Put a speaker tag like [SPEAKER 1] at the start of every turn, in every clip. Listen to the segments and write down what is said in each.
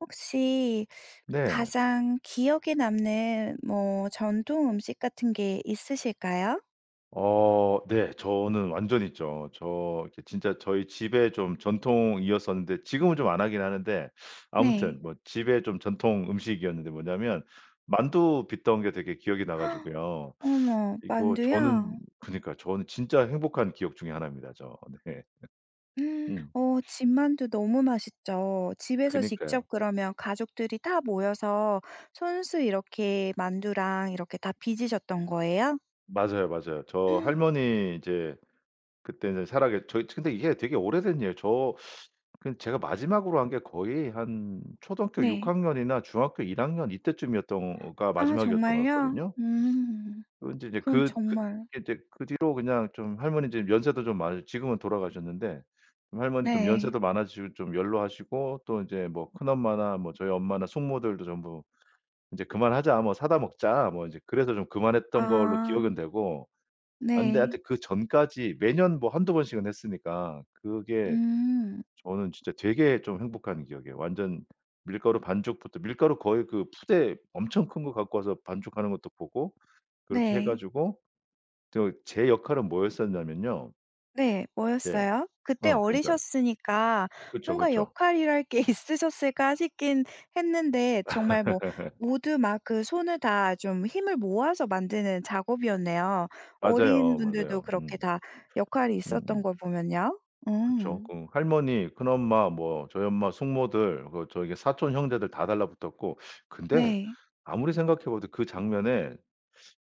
[SPEAKER 1] 혹시
[SPEAKER 2] 네.
[SPEAKER 1] 가장 기억에 남는 뭐 전통 음식 같은 게 있으실까요?
[SPEAKER 2] 어 네. 저는 완전 있죠. 저 지 진짜 저희 집의 좀 전통이었었는데 지금은 좀 안 하긴 하는데.
[SPEAKER 1] 네.
[SPEAKER 2] 아무튼 뭐 집에 좀 전통 음식이었는데 뭐냐면 만두 빚던 게 되게 기억이 나 가지고요.
[SPEAKER 1] 어머
[SPEAKER 2] 이거 저는
[SPEAKER 1] 만두요?
[SPEAKER 2] 그니까요 저는 진짜 행복한 기억 중에 1 입니다. 저 네. 음.
[SPEAKER 1] 어 집 만두 너무 맛있죠. 집에서
[SPEAKER 2] 그니까요.
[SPEAKER 1] 직접 그러면 가족들이 다 모여서 손수 이렇게 만두랑 이렇게 다 빚으셨던 거예요?
[SPEAKER 2] 맞아요 맞아요. 저 할머니 이제 그때는 살아계 저 이게 근데 이게 되게 오래된 일이에요. 저 그 제가 마지막으로 한 게 거의 한 초등학교 6
[SPEAKER 1] 네.
[SPEAKER 2] 학년이나 중학교 1 학년 이때쯤이었던가
[SPEAKER 1] 아
[SPEAKER 2] 마지막이었던 것
[SPEAKER 1] 정말요?
[SPEAKER 2] 같거든요.
[SPEAKER 1] 음.
[SPEAKER 2] 그 인제 이제
[SPEAKER 1] 그럼
[SPEAKER 2] 그 그
[SPEAKER 1] 정말
[SPEAKER 2] 이제 그 뒤로 그냥 좀 할머니 이제 연세도 좀 많으 지금은 돌아가셨는데 할머니 좀
[SPEAKER 1] 네.
[SPEAKER 2] 연세도 많아지시고 좀 연로하시고 또 이제 뭐 큰엄마나 뭐 저희 엄마나 숙모들도 전부 "이제 그만하자. 뭐 사다 먹자." 뭐 이제 그래서 좀 그만했던 걸로
[SPEAKER 1] 아.
[SPEAKER 2] 기억은 되고 아 근데
[SPEAKER 1] 네.
[SPEAKER 2] 하여튼 그전까지 매년 뭐 1-2 번씩은 했으니까 그게
[SPEAKER 1] 음.
[SPEAKER 2] 저는 진짜 되게 좀 행복한 기억이에요. 완전 밀가루 반죽부터 밀가루 거의 그 포대 엄청 큰 거 갖고 와서 반죽하는 것도 보고 그렇게 해
[SPEAKER 1] 네.
[SPEAKER 2] 가지고 저 제 역할은 뭐였었냐면요.
[SPEAKER 1] 네.
[SPEAKER 2] 네.
[SPEAKER 1] 뭐였어요? 그때
[SPEAKER 2] 어 그러니까.
[SPEAKER 1] 어리셨으니까
[SPEAKER 2] 그쵸,
[SPEAKER 1] 뭔가
[SPEAKER 2] 그쵸.
[SPEAKER 1] 역할이랄 게 있으셨을까 싶긴 했는데 정말 뭐 모두 막 그 손을 다 좀 힘을 모아서 만드는 작업이었네요. 어린
[SPEAKER 2] 맞아요
[SPEAKER 1] 분들도
[SPEAKER 2] 맞아요.
[SPEAKER 1] 그렇게
[SPEAKER 2] 음.
[SPEAKER 1] 다 역할이 있었던
[SPEAKER 2] 음음.
[SPEAKER 1] 걸 보면요.
[SPEAKER 2] 그쵸.
[SPEAKER 1] 음.
[SPEAKER 2] 그 할머니, 큰엄마, 뭐 저희 엄마, 숙모들 그 저기 사촌 형제들 다 달라 붙었고 근데
[SPEAKER 1] 네.
[SPEAKER 2] 아무리 생각해봐도 그 장면에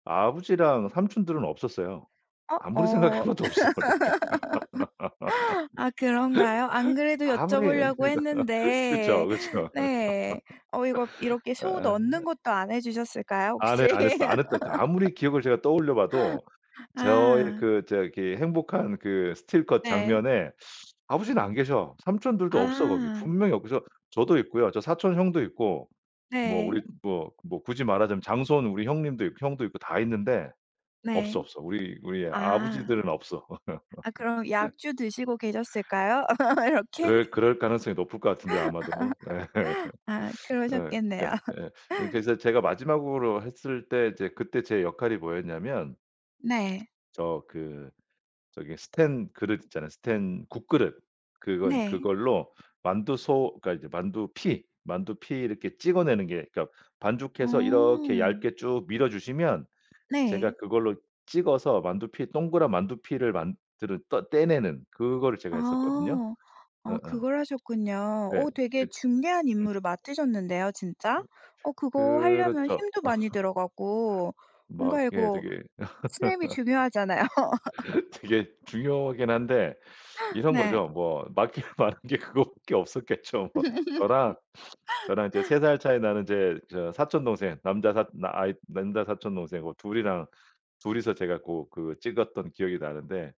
[SPEAKER 2] 아버지랑 삼촌들은 없었어요.
[SPEAKER 1] 어?
[SPEAKER 2] 아무리 생각해
[SPEAKER 1] 어.
[SPEAKER 2] 봐도 없어 내가.
[SPEAKER 1] 아 그런가요? 안 그래도 여쭤
[SPEAKER 2] 아무리 그러니까
[SPEAKER 1] 보려고
[SPEAKER 2] 그쵸
[SPEAKER 1] 했는데
[SPEAKER 2] 그쵸.
[SPEAKER 1] 네. 어 이거 이렇게 소
[SPEAKER 2] 아.
[SPEAKER 1] 넣는 것도 안 해주셨을까요
[SPEAKER 2] 안 해
[SPEAKER 1] 혹시?
[SPEAKER 2] 안 했어 안 했다 그 아무리 기억을 제가 떠올려 봐도 저의
[SPEAKER 1] 아.
[SPEAKER 2] 그 저기 행복한 그 스틸컷
[SPEAKER 1] 네.
[SPEAKER 2] 장면에 아버지는 안 계셔. 삼촌들도 없어 거기.
[SPEAKER 1] 아.
[SPEAKER 2] 분명히 없어. 저도 있고요. 저 사촌 형도 있고 뭐
[SPEAKER 1] 네.
[SPEAKER 2] 우리 뭐 뭐 굳이 말하자면 장손 우리 형님도 있 형도 있고 다 있는데 없어
[SPEAKER 1] 네.
[SPEAKER 2] 없어. 우리 우리의
[SPEAKER 1] 아.
[SPEAKER 2] 아버지들은 없어.
[SPEAKER 1] 아 그럼 약주 드시고 계셨을까요? 이렇게?
[SPEAKER 2] 그럴 그럴 가능성이 높을 것 같은데요 아마도. 예.
[SPEAKER 1] 아
[SPEAKER 2] 예.
[SPEAKER 1] 그러셨겠네요.
[SPEAKER 2] 그니까 예 그니까 이제 제가 마지막으로 했을 때 이제 그때 제 역할이 뭐였냐면
[SPEAKER 1] 네.
[SPEAKER 2] 저 그 저기 스텐 그릇 있잖아요 스텐 국그릇. 그거
[SPEAKER 1] 네.
[SPEAKER 2] 그걸로 만두소 그러니까 이제 만두피 만두피 이렇게 찍어내는 게 그니까 반죽해서 이렇게
[SPEAKER 1] 어.
[SPEAKER 2] 얇게 쭉 밀어주시면 제가
[SPEAKER 1] 네.
[SPEAKER 2] 그걸로 찍어서 만두피 동그란 만두피를 만드는 떠 떼내는 그거를 제가 했었거든요.
[SPEAKER 1] 아. 아
[SPEAKER 2] 어어.
[SPEAKER 1] 그걸 하셨군요.
[SPEAKER 2] 네.
[SPEAKER 1] 어 되게
[SPEAKER 2] 그
[SPEAKER 1] 중대한
[SPEAKER 2] 음.
[SPEAKER 1] 임무를 맡으셨는데요 진짜? 어 그거 하려면
[SPEAKER 2] 그렇죠.
[SPEAKER 1] 힘도 많이 들어가고 뭔가
[SPEAKER 2] 막 예
[SPEAKER 1] 이거
[SPEAKER 2] 저기
[SPEAKER 1] 스냅이 중요하잖아요.
[SPEAKER 2] 되게 중요하긴 한데 이런
[SPEAKER 1] 네.
[SPEAKER 2] 거죠 뭐. 맡길 만한 게 그거밖에 없었겠죠 뭐. 저랑 저랑 이제 3 살 차이 나는 이제 저 사촌 동생 남자 사 아이 남자 사촌 동생하고 2 이랑 2 이서 제가 고 그 찍었던 기억이 나는데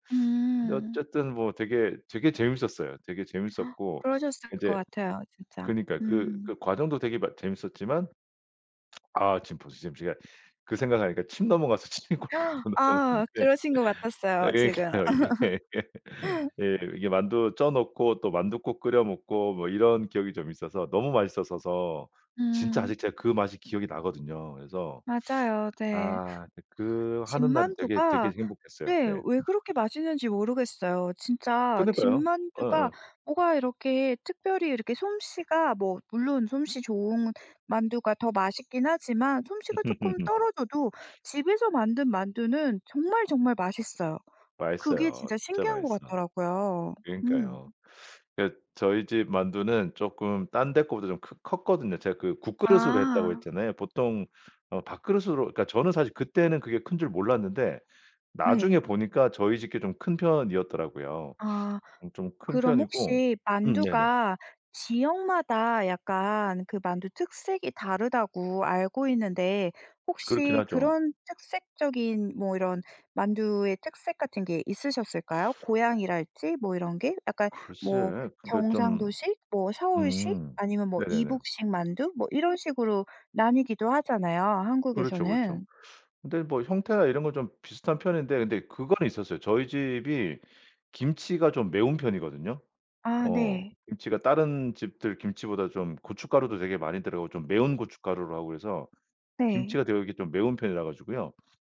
[SPEAKER 2] 근데
[SPEAKER 1] 음.
[SPEAKER 2] 어쨌든 뭐 되게, 되게 재밌었어요. 되게 재밌었고
[SPEAKER 1] 그러셨을 것
[SPEAKER 2] 이제
[SPEAKER 1] 같아요 진짜.
[SPEAKER 2] 그니까요. 그
[SPEAKER 1] 음.
[SPEAKER 2] 그 과정도 되게 막 재밌었지만 아 지금 벌써 지금 제가 그 생각하니까 침 넘어가서 침이 꼴깍꼴깍
[SPEAKER 1] 아
[SPEAKER 2] 넘어가는데
[SPEAKER 1] 그러신 것
[SPEAKER 2] 아
[SPEAKER 1] 같았어요 지금.
[SPEAKER 2] 그러니까요. 이게 이게 만두 쪄 놓고 또 만둣국 끓여 먹고 뭐 이런 기억이 좀 있어서 너무 맛있었어서 진짜
[SPEAKER 1] 음.
[SPEAKER 2] 아직 제가 그 맛이 기억이 나거든요. 그래서
[SPEAKER 1] 맞아요. 네.
[SPEAKER 2] 아 그 그 하는 날은 되게, 되게
[SPEAKER 1] 집만두가
[SPEAKER 2] 행복했어요.
[SPEAKER 1] 네
[SPEAKER 2] 네.
[SPEAKER 1] 왜 그렇게 맛있는지 모르겠어요. 진짜
[SPEAKER 2] 그니까요.
[SPEAKER 1] 집만두가
[SPEAKER 2] 어어.
[SPEAKER 1] 뭐가 이렇게 특별히 이렇게 솜씨가 뭐 물론 솜씨 좋은 만두가 더 맛있긴 하지만 솜씨가 쪼끔 떨어져도 집에서 만든 만두는 정말 정말 맛있어요. 그게
[SPEAKER 2] 맛있어요.
[SPEAKER 1] 진짜
[SPEAKER 2] 진짜
[SPEAKER 1] 신기한 것
[SPEAKER 2] 맛있어.
[SPEAKER 1] 같더라고요.
[SPEAKER 2] 그러니까요.
[SPEAKER 1] 음.
[SPEAKER 2] 그러니까 저희 집 만두는 쪼끔 딴 데 거보다 좀 크 컸거든요. 제가 그 국그릇으로 했다고
[SPEAKER 1] 아.
[SPEAKER 2] 했잖아요. 보통 어 밥그릇으로 그러니까 저는 사실 그때는 그게 큰 줄 몰랐는데 나중에
[SPEAKER 1] 네.
[SPEAKER 2] 보니까 저희 집 게 좀 큰 편이었더라고요.
[SPEAKER 1] 아.
[SPEAKER 2] 음 좀 큰
[SPEAKER 1] 그럼
[SPEAKER 2] 편이고
[SPEAKER 1] 혹시
[SPEAKER 2] 음 네네.
[SPEAKER 1] 만두가 지역마다 약간 그 만두 특색이 다르다고 알고 있는데
[SPEAKER 2] 그렇긴
[SPEAKER 1] 혹시
[SPEAKER 2] 하죠.
[SPEAKER 1] 그런 특색적인 뭐 이런 만두의 특색 같은 게 있으셨을까요? 고향이랄지 뭐 이런 게? 약간 뭐
[SPEAKER 2] 글쎄 그러니까 좀
[SPEAKER 1] 경상도식 뭐 서울식
[SPEAKER 2] 음.
[SPEAKER 1] 아니면 뭐
[SPEAKER 2] 네네네.
[SPEAKER 1] 이북식 만두 뭐 이런 식으로 나뉘기도 하잖아요
[SPEAKER 2] 그렇죠. 그렇죠.
[SPEAKER 1] 한국에서는.
[SPEAKER 2] 근데 뭐 형태나 이런 건 좀 비슷한 편인데 근데 그거는 있었어요. 저희 집이 김치가 좀 매운 편이거든요.
[SPEAKER 1] 아
[SPEAKER 2] 어.
[SPEAKER 1] 네.
[SPEAKER 2] 김치가 다른 집들 김치보다 좀 고춧가루도 되게 많이 들어가고 좀 매운 고춧가루로 하고 그래서
[SPEAKER 1] 네.
[SPEAKER 2] 김치가 되게 이렇게 좀 매운 편이라 가지고요.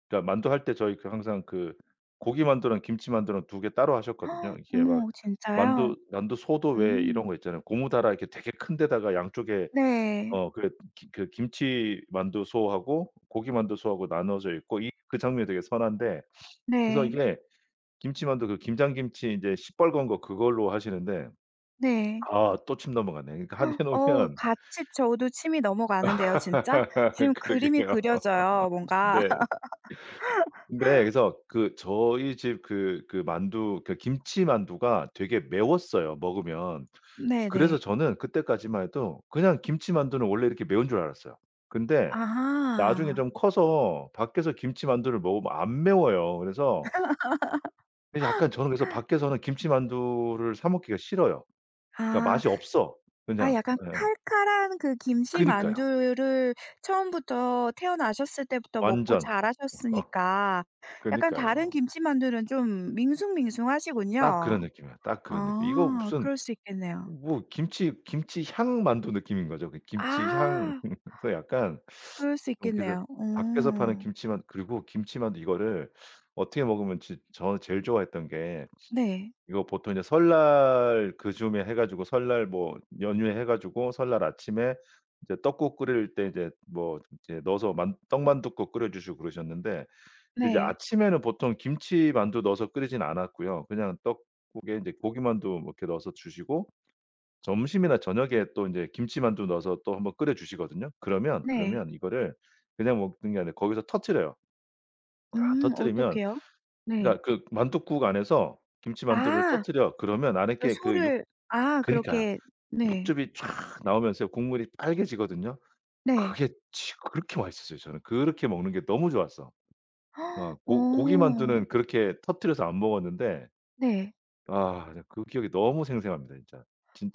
[SPEAKER 2] 그러니까 만두 할 때 저희 그 항상 그 고기만두랑 김치만두랑 2 개 따로 하셨거든요. 이게 막
[SPEAKER 1] 어머 진짜요?
[SPEAKER 2] 만두 만두소도 왜 이런
[SPEAKER 1] 음.
[SPEAKER 2] 거 있잖아요. 고무 다라 이렇게 되게 큰 데다가 양쪽에
[SPEAKER 1] 네.
[SPEAKER 2] 어 그 그 김치만두소하고 고기만두소하고 나누어져 있고 이 그 장면이 되게 선한데 그래서
[SPEAKER 1] 네.
[SPEAKER 2] 이게 김치만두 그 김장 김치 이제 시뻘건 거 그걸로 하시는데.
[SPEAKER 1] 네.
[SPEAKER 2] 아 또 침 넘어갔네. 그러니까 한 해
[SPEAKER 1] 어
[SPEAKER 2] 놓으면
[SPEAKER 1] 같이 저도 침이 넘어가는데요 진짜. 지금 그림이
[SPEAKER 2] 그러게요.
[SPEAKER 1] 그려져요 뭔가.
[SPEAKER 2] 네. 네. 그래서 그 저희 집 그 그 만두 그니까 김치만두가 되게 매웠어요 먹으면. 그래서
[SPEAKER 1] 네네.
[SPEAKER 2] 저는 그때까지만 해도 그냥 김치만두는 원래 이렇게 매운 줄 알았어요. 근데 나중에
[SPEAKER 1] 아하.
[SPEAKER 2] 좀 커서 밖에서 김치만두를 먹으면 안 매워요. 그래서 그래서 약간 저는 그래서 밖에서는 김치만두를 사 먹기가 싫어요. 그러니까
[SPEAKER 1] 아.
[SPEAKER 2] 맛이 없어
[SPEAKER 1] 아
[SPEAKER 2] 그냥.
[SPEAKER 1] 약간
[SPEAKER 2] 예.
[SPEAKER 1] 칼칼한 그
[SPEAKER 2] 그니까요.
[SPEAKER 1] 김치만두를 처음부터 태어나셨을 때부터 먹고
[SPEAKER 2] 완전.
[SPEAKER 1] 자라셨으니까 약간 다른
[SPEAKER 2] 그러니까요.
[SPEAKER 1] 김치만두는 좀
[SPEAKER 2] 딱
[SPEAKER 1] 밍숭밍숭하시군요.
[SPEAKER 2] 그런 느낌이야, 딱 그런 느낌. 이거
[SPEAKER 1] 아
[SPEAKER 2] 무슨
[SPEAKER 1] 그럴 수 있겠네요.
[SPEAKER 2] 뭐 김치 김치향 만두 느낌인 거죠 그 김치향.
[SPEAKER 1] 아.
[SPEAKER 2] 그래서 약간
[SPEAKER 1] 그럴 수
[SPEAKER 2] 좀 이렇게
[SPEAKER 1] 있겠네요.
[SPEAKER 2] 밖에서 파는
[SPEAKER 1] 어.
[SPEAKER 2] 김치만 그리고 김치만두 이거를 어떻게 먹으면 지 저는 제일 좋아했던 게
[SPEAKER 1] 네.
[SPEAKER 2] 이거 보통 이제 설날 그 즈음에 해 가지고 설날 뭐 연휴에 해 가지고 설날 아침에 이제 떡국 끓일 때 이제 뭐 이제 넣어서 만 떡만두국 끓여 주시고 그러셨는데 근데 이제
[SPEAKER 1] 네.
[SPEAKER 2] 아침에는 보통 김치만두 넣어서 끓이진 않았고요. 그냥 떡국에 이제 고기만두 뭐 이렇게 넣어서 주시고 점심이나 저녁에 또 이제 김치만두 넣어서 또 1 번 끓여 주시거든요. 그러면,
[SPEAKER 1] 네.
[SPEAKER 2] 그러면 이거를 그냥 먹는 게 아니라 거기서 터뜨려요. 아
[SPEAKER 1] 음
[SPEAKER 2] 터뜨리면
[SPEAKER 1] 어떻게요? 네.
[SPEAKER 2] 그러니까 그 만둣국 안에서 김치만두를
[SPEAKER 1] 아.
[SPEAKER 2] 터뜨려. 그러면 안에
[SPEAKER 1] 그
[SPEAKER 2] 게 그 육
[SPEAKER 1] 소를 아
[SPEAKER 2] 그러니까
[SPEAKER 1] 그렇게 네.
[SPEAKER 2] 육즙이 촥 나오면서요 국물이 빨개지거든요.
[SPEAKER 1] 네.
[SPEAKER 2] 그게 지 그렇게 맛있었어요 저는. 그렇게 먹는 게 너무 좋았어. 어 고
[SPEAKER 1] 어.
[SPEAKER 2] 고기만두는 그렇게 터뜨려서 안 먹었는데.
[SPEAKER 1] 네.
[SPEAKER 2] 아 나 그 기억이 너무 생생합니다 진짜.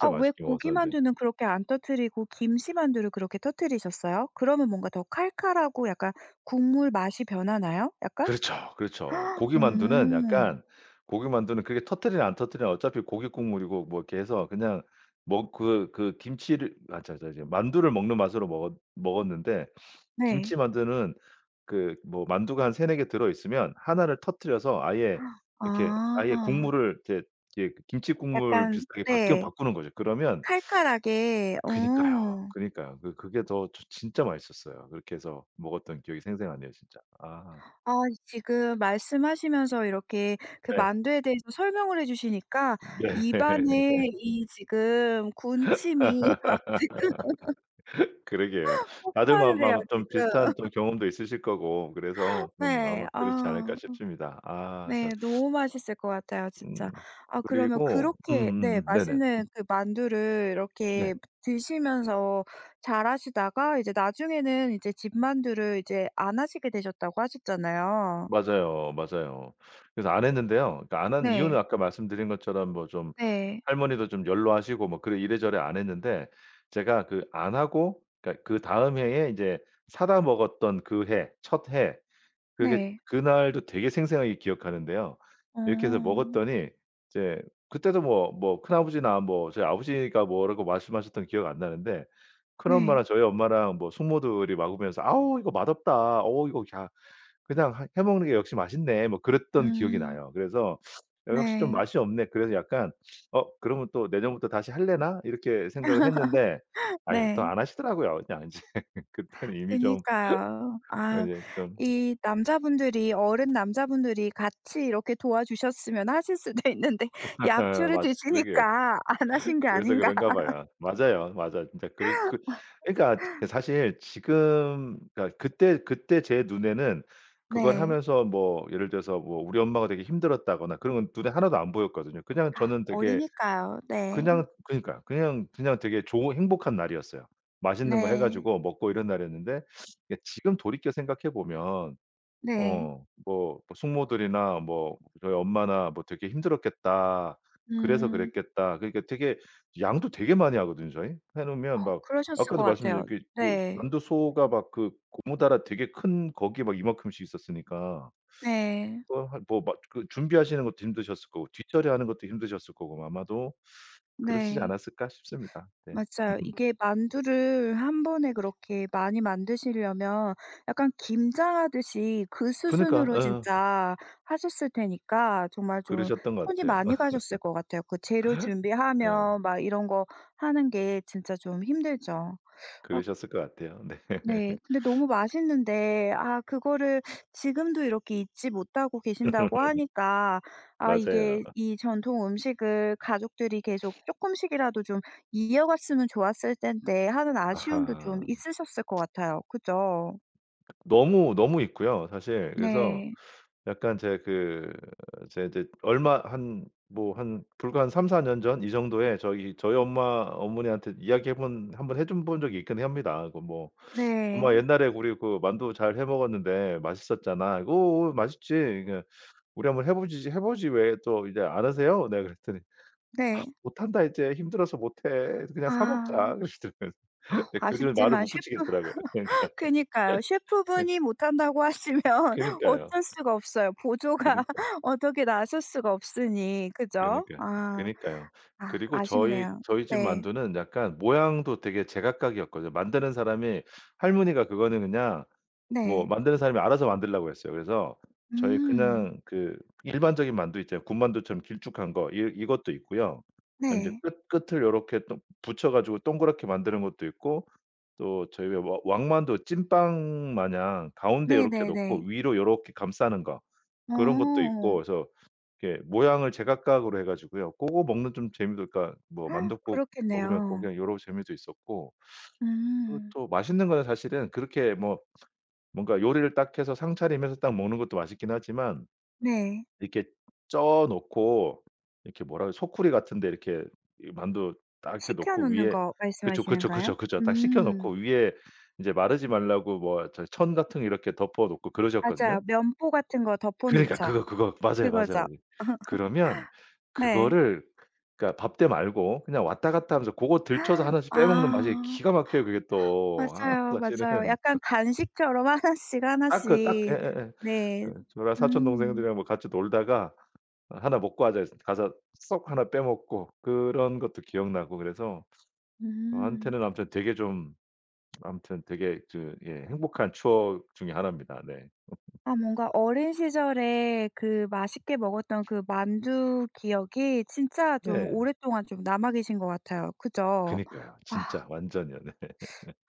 [SPEAKER 1] 아 왜
[SPEAKER 2] 맛있게 먹었었는데.
[SPEAKER 1] 고기만두는 그렇게 안 터뜨리고 김치만두를 그렇게 터뜨리셨어요? 그러면 뭔가 더 칼칼하고 약간 국물 맛이 변하나요? 약간?
[SPEAKER 2] 그렇죠, 그렇죠. 고기만두는
[SPEAKER 1] 오.
[SPEAKER 2] 약간 고기만두는 그게 터뜨리나 안 터뜨리나 어차피 고기 국물이고 뭐 이렇게 해서 그냥 먹 그 그 김치를 아 저 저 저 만두를 먹는 맛으로 먹었 먹었는데
[SPEAKER 1] 네.
[SPEAKER 2] 김치만두는 그 뭐 만두가 한 3-4 개 들어 있으면 1 를 터뜨려서 아예 이렇게 아예
[SPEAKER 1] 아.
[SPEAKER 2] 국물을 이제 이 김치 국물
[SPEAKER 1] 약간
[SPEAKER 2] 비슷하게 바뀌어
[SPEAKER 1] 네.
[SPEAKER 2] 바꾸는 거죠. 그러면
[SPEAKER 1] 칼칼하게
[SPEAKER 2] 그니까요.
[SPEAKER 1] 어.
[SPEAKER 2] 그니까요. 그게 더 진짜 맛있었어요. 그렇게 해서 먹었던 기억이 생생하네요 진짜. 아.
[SPEAKER 1] 아 지금 말씀하시면서 이렇게 그
[SPEAKER 2] 네.
[SPEAKER 1] 만두에 대해서 설명을 해 주시니까
[SPEAKER 2] 네.
[SPEAKER 1] 입 안에 이 지금 군침이 막 지금
[SPEAKER 2] 그러게요. 다들 마
[SPEAKER 1] 폭발을 해요
[SPEAKER 2] 아마 좀
[SPEAKER 1] 지금.
[SPEAKER 2] 비슷한 또 경험도 있으실 거고 그래서 좀
[SPEAKER 1] 네.
[SPEAKER 2] 아마 그렇지
[SPEAKER 1] 아.
[SPEAKER 2] 않을까 싶습니다. 아
[SPEAKER 1] 네.
[SPEAKER 2] 참.
[SPEAKER 1] 너무 맛있을 것 같아요
[SPEAKER 2] 음.
[SPEAKER 1] 진짜. 아 그러면
[SPEAKER 2] 그리고
[SPEAKER 1] 그렇게 네
[SPEAKER 2] 음음음. 네네. 음.
[SPEAKER 1] 맛있는 그 만두를
[SPEAKER 2] 네.
[SPEAKER 1] 이렇게 드시면서 잘 하시다가 이제 나중에는 이제 집 만두를 이제 안 하시게 되셨다고 하셨잖아요.
[SPEAKER 2] 맞아요, 맞아요. 그래서 안 했는데요. 그 안 한 이유는
[SPEAKER 1] 네.
[SPEAKER 2] 아까 말씀드린 것처럼 뭐 좀
[SPEAKER 1] 네.
[SPEAKER 2] 할머니도 좀 연로하시고 뭐 그래 이래저래 안 했는데 제가 그 안 하고 그러니까 그다음 해에 이제 사다 먹었던 그 해 첫해 그게
[SPEAKER 1] 네.
[SPEAKER 2] 그날도 되게 생생하게 기억하는데요. 이렇게 해서
[SPEAKER 1] 어.
[SPEAKER 2] 먹었더니 이제 그때도 뭐 뭐 큰아버지나 뭐 저희 아버지가 뭐라고 말씀하셨던 게 기억 안 나는데
[SPEAKER 1] 네.
[SPEAKER 2] 큰엄마랑 저희 엄마랑 뭐 숙모들이 먹으면서 "아우 이거 맛없다. 어 이거 야 그냥 하 해 먹는 게 역시 맛있네." 뭐 그랬던 기억이
[SPEAKER 1] 음.
[SPEAKER 2] 나요. 그래서 '역시 좀
[SPEAKER 1] 네.
[SPEAKER 2] 맛이 없네.' 그래서 약간 '어 그러면 또 내년부터 다시 하려나?' 이렇게 생각을 했는데 아유. 또
[SPEAKER 1] 네.
[SPEAKER 2] 안 하시더라고요 그냥 이제. 그때는 이미 좀
[SPEAKER 1] 그니까요. 아
[SPEAKER 2] 이제 좀
[SPEAKER 1] 이 남자분들이 어른 남자분들이 같이 이렇게 도와주셨으면 하실 수도 있는데 약주를
[SPEAKER 2] 맞아 그러게요.
[SPEAKER 1] 드시니까 안 하신 게
[SPEAKER 2] 그래서
[SPEAKER 1] 아닌가.
[SPEAKER 2] 그런가 봐요. 맞아요 맞아. 진짜 그러 그 그니까 그 사실 지금 그니까 그때 그때 제 눈에는 그걸
[SPEAKER 1] 네.
[SPEAKER 2] 하면서 뭐 예를 들어서 뭐 우리 엄마가 되게 힘들었다거나 그런 건 눈에 하나도 안 보였거든요. 그냥
[SPEAKER 1] 아
[SPEAKER 2] 저는 되게
[SPEAKER 1] 어리니까요. 네.
[SPEAKER 2] 그냥 그러니까요 그냥, 그냥 되게 좋은 행복한 날이었어요. 맛있는 거 해
[SPEAKER 1] 네.
[SPEAKER 2] 가지고 먹고 이런 날이었는데 근데 지금 돌이켜 생각해 보면
[SPEAKER 1] 네.
[SPEAKER 2] 어 뭐 뭐 숙모들이나 뭐 저희 엄마나 뭐 '되게 힘들었겠다. 그래서
[SPEAKER 1] 음.
[SPEAKER 2] 그랬겠다.' 그러니까 되게 양도 되게 많이 하거든요 저희. 해
[SPEAKER 1] 어
[SPEAKER 2] 놓으면 막
[SPEAKER 1] 그러셨을 것
[SPEAKER 2] 아까도 말씀드린
[SPEAKER 1] 같아요.
[SPEAKER 2] 그 그
[SPEAKER 1] 네.
[SPEAKER 2] 만두소가 막 그 고무다라 되게 큰 거기에 막 이만큼씩 있었으니까.
[SPEAKER 1] 네.
[SPEAKER 2] 뭐 한 뭐 막 그 준비하시는 것도 힘드셨을 거고 뒷처리하는 것도 힘드셨을 거고 아마도 그러시지
[SPEAKER 1] 네.
[SPEAKER 2] 않았을까 싶습니다. 네.
[SPEAKER 1] 맞아요. 이게 만두를 1 번에 그렇게 많이 만드시려면 약간 김장하듯이 그
[SPEAKER 2] 그니까
[SPEAKER 1] 수준으로
[SPEAKER 2] 어.
[SPEAKER 1] 진짜 하셨을 테니까 정말 좀
[SPEAKER 2] 그러셨던 것
[SPEAKER 1] 손이
[SPEAKER 2] 같아요.
[SPEAKER 1] 많이 가셨을 것 같아요. 그 재료
[SPEAKER 2] 네.
[SPEAKER 1] 준비하면 막 이런 거 하는 게 진짜 좀 힘들죠. 아
[SPEAKER 2] 그러셨을 것 같아요. 네.
[SPEAKER 1] 네. 근데 너무 맛있는데 아 그거를 지금도 이렇게 잊지 못하고 계신다고 하니까 아
[SPEAKER 2] 맞아요.
[SPEAKER 1] 이게 '이 전통 음식을 가족들이 계속 쪼끔씩이라도 좀 이어갔으면 좋았을 텐데.' 하는 아쉬움도 좀
[SPEAKER 2] 아하.
[SPEAKER 1] 있으셨을 것 같아요. 그죠?
[SPEAKER 2] 너무 너무 있고요 사실. 그래서
[SPEAKER 1] 네.
[SPEAKER 2] 약간 제 그 제 이제 얼마 한 뭐 한 불과 한 3-4 년 전 이 정도에 저기 저희 엄마 어머니한테 이야기해 본 한번 해줘 본 적이 있긴 합니다. 그 뭐 "엄마
[SPEAKER 1] 네.
[SPEAKER 2] 옛날에 우리 그 만두 잘 해 먹었는데 맛있었잖아." "어어 맛있지." 그러니까 "우리 한번 해보지, 해보지. 왜 또 이제 안 하세요?" 내가 그랬더니 "아
[SPEAKER 1] 네.
[SPEAKER 2] 못 한다 이제. 힘들어서 못 해. 그냥 사
[SPEAKER 1] 아.
[SPEAKER 2] 먹자." 그러시더라고요.
[SPEAKER 1] 아오
[SPEAKER 2] 그 뒤로는 말을
[SPEAKER 1] 아쉽지만
[SPEAKER 2] 못
[SPEAKER 1] 셰프
[SPEAKER 2] 붙이겠더라고요. 그러니까.
[SPEAKER 1] 그니까요. 셰프
[SPEAKER 2] 네.
[SPEAKER 1] 분이 못 한다고 하시면
[SPEAKER 2] 그니까요.
[SPEAKER 1] 어쩔 수가 없어요. 보조가
[SPEAKER 2] 그니까.
[SPEAKER 1] 어떻게 나설 수가 없으니 그죠?
[SPEAKER 2] 그니까요.
[SPEAKER 1] 아.
[SPEAKER 2] 그니까요.
[SPEAKER 1] 아
[SPEAKER 2] 그리고 저희
[SPEAKER 1] 아쉽네요.
[SPEAKER 2] 저희 집
[SPEAKER 1] 네.
[SPEAKER 2] 만두는 약간 모양도 되게 제각각이었거든요. 만드는 사람이 할머니가 그거는 그냥 뭐
[SPEAKER 1] 네.
[SPEAKER 2] 만드는 사람이 알아서 만들라고 했어요. 그래서 저희
[SPEAKER 1] 음.
[SPEAKER 2] 그냥 그 일반적인 만두 있잖아요. 군만두처럼 길쭉한 거 이 이것도 있고요. 그다음에 이제
[SPEAKER 1] 네.
[SPEAKER 2] 끝 끝을 요렇게 동 붙여 가지고 동그랗게 만드는 것도 있고 또 저희 와 왕만두 찐빵 마냥 가운데 요렇게
[SPEAKER 1] 네네네.
[SPEAKER 2] 놓고 위로 요렇게 감싸는 거 그런 것도 있고
[SPEAKER 1] 어.
[SPEAKER 2] 그래서 이렇게 모양을 제각각으로 해 가지고요. 고거 먹는 좀 재미도 그러니까 뭐 만둣국 먹으면 고
[SPEAKER 1] 그렇겠네요.
[SPEAKER 2] 그냥 요런 재미도 있었고 그리고
[SPEAKER 1] 음.
[SPEAKER 2] 또 맛있는 거는 사실은 그렇게 뭐 뭔가 요리를 딱 해서 상차림해서 딱 먹는 것도 맛있긴 하지만
[SPEAKER 1] 네.
[SPEAKER 2] 이렇게 쪄 놓고 이렇게 뭐라 그래? 소쿠리 같은 데 이렇게 이 만두 딱 이렇게
[SPEAKER 1] 식혀
[SPEAKER 2] 놓고
[SPEAKER 1] 놓는
[SPEAKER 2] 위에
[SPEAKER 1] 거
[SPEAKER 2] 그쵸, 그쵸,
[SPEAKER 1] 말씀하시는가요?
[SPEAKER 2] 그쵸, 그쵸. 딱 식혀
[SPEAKER 1] 음.
[SPEAKER 2] 놓고 위에 이제 마르지 말라고 뭐 저기 천 같은 거 이렇게 덮어 놓고 그러셨거든요.
[SPEAKER 1] 맞아요. 면포 같은 거 덮어
[SPEAKER 2] 그러니까
[SPEAKER 1] 놓죠.
[SPEAKER 2] 그거 그거 맞아요, 맞아요
[SPEAKER 1] 그거죠.
[SPEAKER 2] 맞아. 그러면
[SPEAKER 1] 네.
[SPEAKER 2] 그거를 그러니까 밥때 말고 그냥 왔다 갔다 하면서 고거 들쳐서 1
[SPEAKER 1] 아.
[SPEAKER 2] 씩 빼먹는 맛이
[SPEAKER 1] 맞아요 맞아요.
[SPEAKER 2] 기가 막혀요 그게 또. 아 사실은
[SPEAKER 1] 약간 간식처럼 1 씩 1
[SPEAKER 2] 딱 그 딱
[SPEAKER 1] 씩.
[SPEAKER 2] 예예예.
[SPEAKER 1] 네.
[SPEAKER 2] 그 저랑 사촌
[SPEAKER 1] 음.
[SPEAKER 2] 동생들이랑 뭐 같이 놀다가 "1 먹고 하자." 그래서 가서 쏙 1 빼 먹고 그런 것도 기억나고 그래서
[SPEAKER 1] 음.
[SPEAKER 2] 저한테는 아무튼 되게 좀 아무튼 되게 그 예 행복한 추억 중에 1 입니다. 네.
[SPEAKER 1] 아 뭔가 어린 시절에 그 맛있게 먹었던 그 만두 기억이 진짜 좀
[SPEAKER 2] 네.
[SPEAKER 1] 오랫동안 좀 남아 계신 것 같아요. 그죠?
[SPEAKER 2] 그니까요.
[SPEAKER 1] 아
[SPEAKER 2] 진짜 완전요. 네.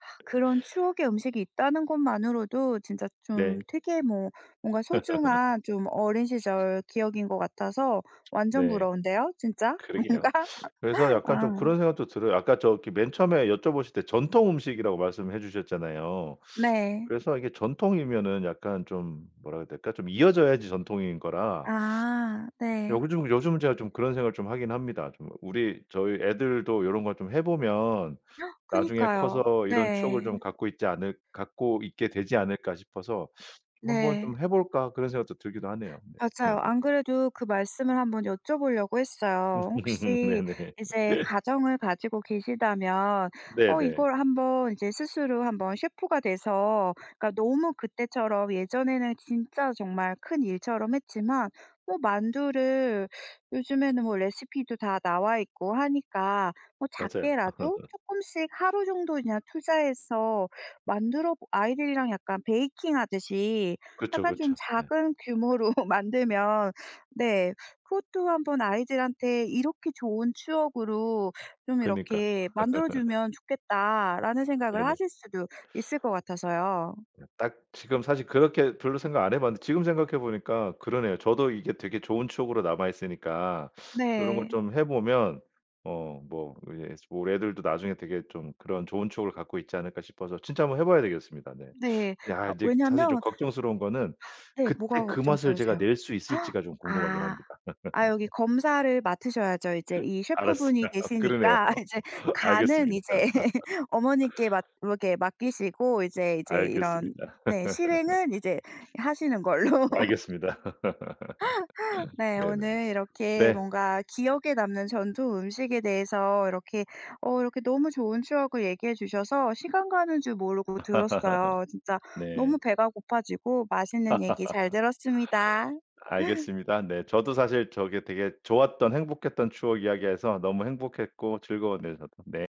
[SPEAKER 1] 아 그런 추억의 음식이 있다는 것만으로도 진짜 좀
[SPEAKER 2] 네.
[SPEAKER 1] 되게 뭐 뭔가 소중한 좀 어린 시절 기억인 것 같아서 완전
[SPEAKER 2] 네.
[SPEAKER 1] 부러운데요 진짜
[SPEAKER 2] 그러게요.
[SPEAKER 1] 뭔가?
[SPEAKER 2] 그래서 약간 좀
[SPEAKER 1] 아.
[SPEAKER 2] 그런 생각도 들어요. 아까 저기 맨 처음에 여쭤보실 때 전통 음식이라고 말씀해 주셨잖아요.
[SPEAKER 1] 네.
[SPEAKER 2] 그래서 이게 전통이면은 약간 좀 뭐라 그래야 될까? 좀 이어져야지 전통인 거라.
[SPEAKER 1] 아 네.
[SPEAKER 2] 요즘 요즘 제가 좀 그런 생각을 좀 하긴 합니다. 좀 우리 '저희 애들도 요런 거 좀 해보면 나중에
[SPEAKER 1] 그니까요.
[SPEAKER 2] 커서 이런 추억을 좀
[SPEAKER 1] 네.
[SPEAKER 2] 갖고 있지 않을 갖고 있게 되지 않을까?' 싶어서 '한번
[SPEAKER 1] 네.
[SPEAKER 2] 좀 해 볼까?' 그런 생각도 들기도 하네요. 네.
[SPEAKER 1] 맞아요. 안 그래도 그 말씀을 한번 여쭤보려고 했어요. 혹시
[SPEAKER 2] 네네.
[SPEAKER 1] 이제 가정을 가지고 계시다면 어
[SPEAKER 2] 네네.
[SPEAKER 1] 이걸 한번 이제 스스로 한번 셰프가 돼서 그러니까 너무 그때처럼 예전에는 진짜 정말 큰일처럼 했지만 뭐 만두를 요즘에는 뭐 레시피도 다 나와 있고 하니까 뭐
[SPEAKER 2] 맞아요.
[SPEAKER 1] 작게라도 쪼끔씩 하루 정도 그냥 투자해서 만들어 보 아이들이랑 약간 베이킹하듯이
[SPEAKER 2] 그쵸
[SPEAKER 1] 약간 좀
[SPEAKER 2] 그쵸. 네.
[SPEAKER 1] 작은 규모로 만들면 네 그것도 한번 '아이들한테 이렇게 좋은 추억으로 좀
[SPEAKER 2] 그러니까.
[SPEAKER 1] 이렇게 만들어 주면 좋겠다.'라는 생각을
[SPEAKER 2] 네네.
[SPEAKER 1] 하실 수도 있을 것 같아서요.
[SPEAKER 2] 네. 딱 지금 사실 그렇게 별로 생각 안 해 봤는데 지금 생각해 보니까 그러네요. 저도 이게 되게 좋은 추억으로 남아 있으니까 '요런 걸
[SPEAKER 1] 네.
[SPEAKER 2] 좀 해 보면 어 뭐 이제 우리 애들도 나중에 되게 좀 그런 좋은 추억을 갖고 있지 않을까?' 싶어서 진짜 한번 해 봐야 되겠습니다. 네.
[SPEAKER 1] 네.
[SPEAKER 2] 야
[SPEAKER 1] 아
[SPEAKER 2] 이제 사실 좀
[SPEAKER 1] 왜냐하면
[SPEAKER 2] 걱정스러운 거는
[SPEAKER 1] 네
[SPEAKER 2] 그때
[SPEAKER 1] 뭐가
[SPEAKER 2] 그 맛을 제가
[SPEAKER 1] 걱정스러우세요?
[SPEAKER 2] 낼 수 있을지가 좀 궁금하긴
[SPEAKER 1] 아.
[SPEAKER 2] 합니다.
[SPEAKER 1] 아 여기 검사를 맡으셔야죠 이제 이 셰프
[SPEAKER 2] 알았어요.
[SPEAKER 1] 분이
[SPEAKER 2] 그러네요.
[SPEAKER 1] 계시니까. 이제 간은
[SPEAKER 2] 알겠습니다.
[SPEAKER 1] 이제 어머니께 맡 이렇게 맡기시고 이제 이제 이런
[SPEAKER 2] 알겠습니다.
[SPEAKER 1] 네 실행은 이제 하시는 걸로.
[SPEAKER 2] 알겠습니다.
[SPEAKER 1] 네.
[SPEAKER 2] 네네.
[SPEAKER 1] 오늘 이렇게
[SPEAKER 2] 네.
[SPEAKER 1] 뭔가 기억에 남는 전통 음식에 대해서 이렇게 어 이렇게 너무 좋은 추억을 얘기해 주셔서 시간 가는 줄 모르고 들었어요. 진짜
[SPEAKER 2] 네.
[SPEAKER 1] 너무 배가 고파지고 맛있는 얘기 잘 들었습니다.
[SPEAKER 2] 알겠습니다. 네. 저도 사실 저기 되게 좋았던 행복했던 추억 이야기해서 너무 행복했고 즐거웠네요 저도. 네.